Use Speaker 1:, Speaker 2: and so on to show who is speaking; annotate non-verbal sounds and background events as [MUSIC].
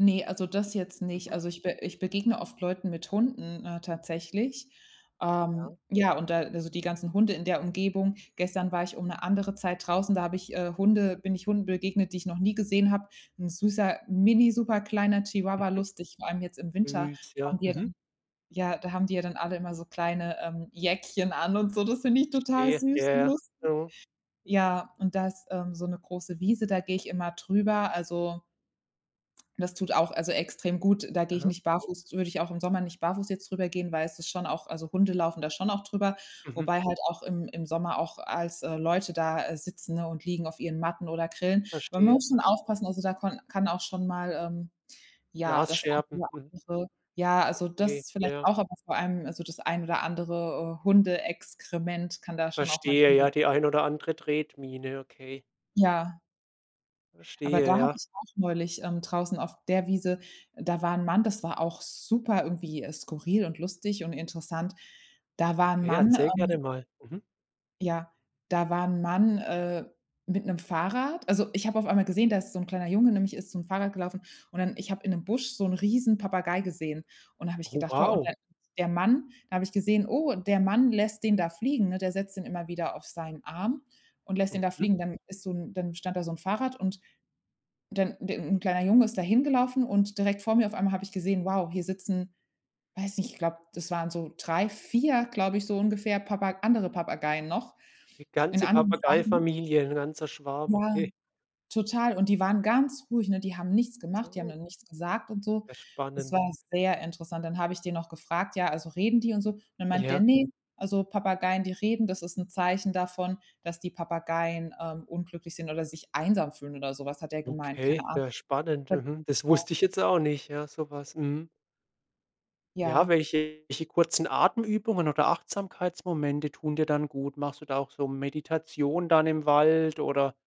Speaker 1: Ne, also, das jetzt nicht.
Speaker 2: Mhm.
Speaker 1: Also, ich be ich begegne oft Leuten mit Hunden, äh, tatsächlich.
Speaker 2: Ja.
Speaker 1: Ähm, ja, und da also, die ganzen Hunde in der Umgebung. Gestern war ich um 'ne andere Zeit draußen, da habe ich, äh, Hunde bin ich Hunden begegnet, die ich noch nie gesehen habe. 'N süßer mini superkleiner Chihuahua,
Speaker 2: Mhm.
Speaker 1: lustig, vor allem jetzt im Winter
Speaker 2: Süß,
Speaker 1: haben
Speaker 2: ja.
Speaker 1: die ja dann
Speaker 2: Mhm.
Speaker 1: ja, da haben die ja dann alle immer so kleine, ähm, Jäckchen an und so, das find ich total
Speaker 2: Verstehe. Ja,
Speaker 1: süß und
Speaker 2: ja.
Speaker 1: lustig.
Speaker 2: Mhm.
Speaker 1: Ja, und da ist, ähm, so 'ne große Wiese, da geh ich immer drüber, also das tut auch also extrem gut. Da gehe ich
Speaker 2: Mhm.
Speaker 1: nicht barfuß würde ich auch im Sommer nicht barfuß jetzt drüber gehen, weil es ist schon auch also, Hunde laufen da schon auch drüber,
Speaker 2: Mhm.
Speaker 1: wobei halt auch im im Sommer auch als, äh, Leute da, äh, sitzen, ne, und liegen auf ihren Matten oder grillen. Man
Speaker 2: Verstehe.
Speaker 1: muss schon
Speaker 2: Mhm.
Speaker 1: aufpassen, also da konn kann auch schon mal, ähm, ja, das ein
Speaker 2: Glasscherben.
Speaker 1: oder
Speaker 2: Mhm.
Speaker 1: andere Ja also,
Speaker 2: Okay,
Speaker 1: das vielleicht
Speaker 2: ja.
Speaker 1: auch, aber vor allem also, das ein oder andere Hundeexkrement kann da schon auch mal
Speaker 2: Verstehe
Speaker 1: liegen.
Speaker 2: ja, die ein oder andere Tretmine, okay.
Speaker 1: Ja. Aber da
Speaker 2: Verstehe,
Speaker 1: habe
Speaker 2: ja.
Speaker 1: ich auch neulich, ähm, draußen auf der Wiese da war 'n Mann das war auch super irgendwie skurril und lustig und interessant. Da war 'n
Speaker 2: Okay,
Speaker 1: Mann,
Speaker 2: erzähl gerne
Speaker 1: ähm
Speaker 2: mal. Mhm.
Speaker 1: Ja. Da war 'n Mann, äh, mit 'nem Fahrrad. Also, ich habe auf einmal gesehen, da ist so 'n kleiner Junge nämlich ist zum Fahrrad gelaufen. Und dann ich hab in 'nem Busch so 'n Riesen Papagei gesehen. Und da hab ich
Speaker 2: Oh,
Speaker 1: gedacht, wow, und
Speaker 2: wow.
Speaker 1: dann [UNINTELLIGIBLE] der Mann da habe ich gesehen, oh, der Mann lässt den da fliegen, ne? Der setzt den immer wieder auf seinen Arm und lässt den da
Speaker 2: Mhm.
Speaker 1: fliegen. Dann ist so 'n dann stand da so 'n Fahrrad und dann de 'n kleiner Junge ist da hingelaufen und direkt vor mir auf einmal habe ich gesehen, wow, hier sitzen, weiß nicht, ich glaub, das waren so 3, 4, glaub ich, so ungefähr Papa andere Papageien noch
Speaker 2: 'Ne
Speaker 1: in
Speaker 2: ganze
Speaker 1: anderen Farben.
Speaker 2: Papageifamilie, 'n ganzer Schwarm,
Speaker 1: Ja.
Speaker 2: okay.
Speaker 1: Total. Und die waren ganz ruhig, ne? Die haben nichts gemacht, die haben
Speaker 2: [UNINTELLIGIBLE]
Speaker 1: dann nichts gesagt und so.
Speaker 2: Ja
Speaker 1: Das
Speaker 2: spannend.
Speaker 1: war sehr interessant. Dann habe ich den noch gefragt, ja, also: „Reden die und so?" Und dann meint der:
Speaker 2: Ja.
Speaker 1: „Ne, also, Papageien, die reden, das ist 'n Zeichen davon, dass die Papageien, ähm, unglücklich sind oder sich einsam fühlen" oder sowas hat er gemeint. Keine
Speaker 2: Okay,
Speaker 1: Ahnung.
Speaker 2: ja, spannend, mhm. Das wusste
Speaker 1: [UNINTELLIGIBLE]
Speaker 2: ich jetzt auch nicht, ja, so was. Mhm. Ja,
Speaker 1: Ja.
Speaker 2: welche welche kurzen Atemübungen oder Achtsamkeitsmomente tun dir dann gut? Machst du da auch so Meditation dann im Wald oder